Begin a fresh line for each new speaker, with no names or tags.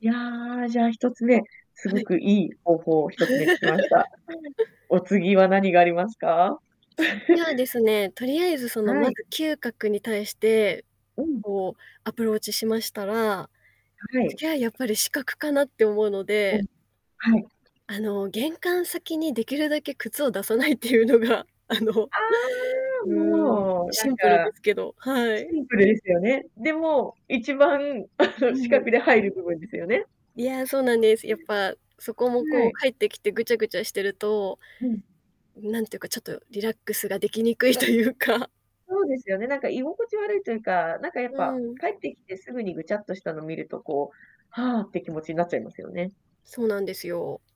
いや、じゃあ、1つ目、す
は
ご
い。
くいい方法を1つ目聞きました。お次は何がありますか？
次はで すね、とりあえずその、
は
ま
い。
ず嗅覚に対して、
うん。
こう、アプローチしましたら、
はい。
次はやっぱり視覚かなって思うの
おん。
で
はい。
あの、玄関先にできるだけ靴を出さないっていうのが、あの、
ああ。
うーん。
もうな
シ
ん
ンプルで
か
すけどはい。
シンプルですよね。でも、一番、
う
視
ん。
覚で入る部分ですよね。
いや、そうなんです。やっぱそこも、
うん。は
こう、
い。
帰ってきてぐちゃぐちゃしてると、
うん。
なんていうか、ちょっとリラックスができにくいというか。
そうですよね、なんか居心地悪いというか、なんかやっ
う
ぱ
ん。
帰ってきてすぐにぐちゃっとしたの見ると、こう、はあって気持ちになっちゃいますよね。
そうなんですよ。